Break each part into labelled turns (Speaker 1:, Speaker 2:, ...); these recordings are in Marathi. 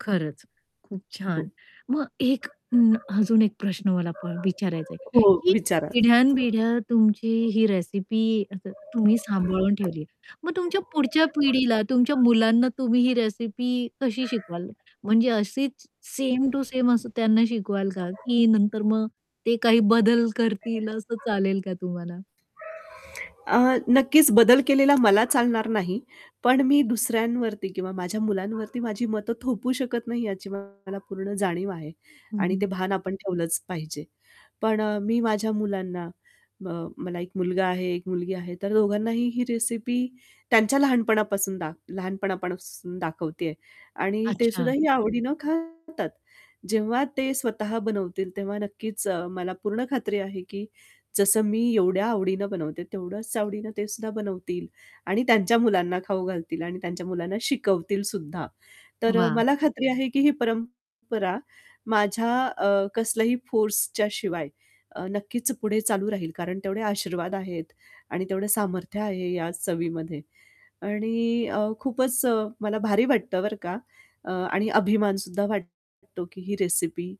Speaker 1: खरंच, खूप
Speaker 2: हो.
Speaker 1: छान. मग एक अ, अजून एक प्रश्न मला प विचारायचा आहे,
Speaker 2: हो,
Speaker 1: की
Speaker 2: विचारा.
Speaker 1: पिढ्यान पिढ्या तुमची ही रेसिपी असं तुम्ही सांभाळून ठेवली आहे, मग तुमच्या पुढच्या पिढीला, तुमच्या मुलांना तुम्ही ही रेसिपी कशी शिकवाल? म्हणजे अशीच सेम टू सेम असं त्यांना शिकवाल का? की नंतर मग ते काही बदल करतील असं चालेल का तुम्हाला?
Speaker 2: अ, नक्कीच बदल केलेला मला चालणार नाही, पण मी दुसऱ्यांवरती किंवा माझ्या मुलांवरती माझी मतं थोपू शकत नाही, याची मला पूर्ण जाणीव आहे. आणि
Speaker 1: हं.
Speaker 2: ते भान आपण ठेवलंच पाहिजे. पण मी माझ्या मुलांना म मला 1 मुलगा आहे, 1 मुलगी आहे, तर दोघांनाही ही रेसिपी त्यांच्या लहानपणापासून दाख लहानपणापासून दाखवते आहे आणि ते सुद्धा
Speaker 1: अच्छा.
Speaker 2: ही आवडीनं खातात. जेव्हा ते स्वतः बनवतील तेव्हा नक्कीच, मला पूर्ण खात्री आहे की जसं मी एवढ्या आवडीनं बनवते, तेवढ्याच आवडीनं ते सुद्धा बनवतील. आणि त्यांच्या मुलांना खाऊ घालतील आणि त्यांच्या मुलांना शिकवतील सुद्धा. तर
Speaker 1: वाह!
Speaker 2: मला खात्री आहे की ही परंपरा माझ्या अ, कसल्याही फोर्सच्या शिवाय नक्कीच पुढे चालू राहील, कारण तेवढे आशीर्वाद आहेत आणि तेवढं सामर्थ्य आहे या चवीमध्ये. आणि अ, खूपच मला भारी वाटतं बरं का अ, आणि अभिमान सुद्धा वाटतो की ही रेसिपी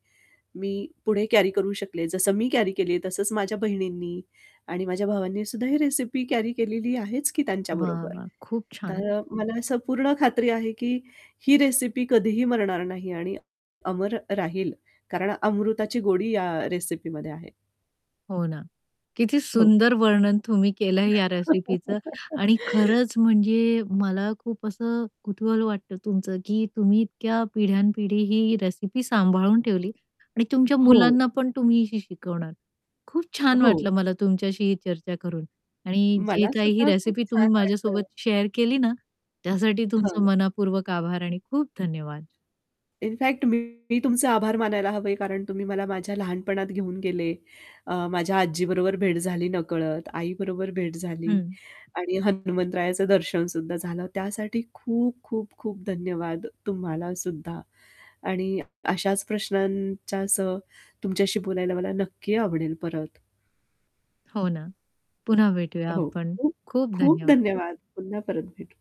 Speaker 2: मी पुढे कॅरी करू शकले. जसं मी कॅरी केली तसंच माझ्या बहिणींनी आणि माझ्या भावांनी सुद्धा ही रेसिपी कॅरी केलेली आहेच की
Speaker 1: वाह!
Speaker 2: त्यांच्याबरोबर.
Speaker 1: वाह! खूप छान.
Speaker 2: तर अ, मला असं पूर्ण खात्री आहे, की ही रेसिपी कधीही मरणार नाही आणि अमर राहील. कारण अमृताची गोडी या रेसिपीमध्ये आहे.
Speaker 1: हो ना, किती
Speaker 2: हो.
Speaker 1: सुंदर वर्णन तुम्ही केलंय या रेसिपीचं. आणि खरंच म्हणजे मला खूप असं कुतूहल वाटतं तुमचं, की तुम्ही इतक्या पिढ्यान पिढी ही रेसिपी सांभाळून ठेवली. आणि तुमच्या
Speaker 2: हो.
Speaker 1: मुलांना पण तुम्ही शि शिकवणार खूप छान
Speaker 2: हो.
Speaker 1: वाटलं मला तुमच्याशी चर्चा करून आणि जे
Speaker 2: मला
Speaker 1: काही ही
Speaker 2: सुद्धा खूप
Speaker 1: रेसिपी
Speaker 2: छान
Speaker 1: तुम्ही माझ्यासोबत
Speaker 2: वाटलं.
Speaker 1: शेअर केली ना, त्यासाठी तुमचं
Speaker 2: हं.
Speaker 1: मनःपूर्वक आभार आणि खूप धन्यवाद.
Speaker 2: इनफॅक्ट मी तुमचे आभार मानायला हवे कारण तुम्ही मला माझ्या लहानपणात घेऊन गेले. अ, माझ्या आजीबरोबर भेट झाली नकळत, आईबरोबर भेट झाली
Speaker 1: हं.
Speaker 2: आणि हनुमंतरायाचं दर्शन सुद्धा झालं त्यासाठी खूप, खूप, खूप धन्यवाद तुम्हाला सुद्धा. आणि अशाच प्रश्नांसह तुमच्याशी बोलायला मला नक्की आवडेल परत.
Speaker 1: हो ना, पुन्हा भेटूया
Speaker 2: हो,
Speaker 1: आपण,
Speaker 2: खूप
Speaker 1: खूप
Speaker 2: खूप
Speaker 1: धन्यवाद.
Speaker 2: धन्यवाद पुन्हा परत भेटू.